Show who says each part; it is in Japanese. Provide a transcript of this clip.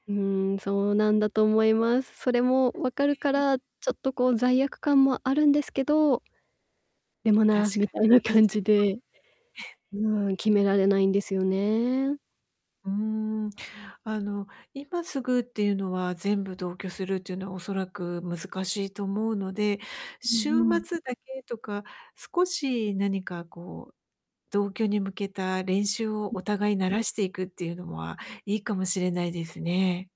Speaker 1: うん、そうなんだと思います。それも分か
Speaker 2: う
Speaker 1: るか
Speaker 2: ーん。
Speaker 1: ら、ちょっとこう罪悪感もあるんですけど、でもな、
Speaker 2: 確
Speaker 1: み
Speaker 2: か
Speaker 1: たいな感
Speaker 2: に
Speaker 1: じで。うん、決められないんですよね。
Speaker 2: うーん。あの今すぐっていうのは、全部同居するっていうのは恐らく難しいと思うので、
Speaker 1: う
Speaker 2: 週
Speaker 1: んうん。
Speaker 2: 末だけとか、少し何かこう、同居に向けた練習を
Speaker 1: う。
Speaker 2: お互い慣らしていくっていうのはいいかもしれないですね。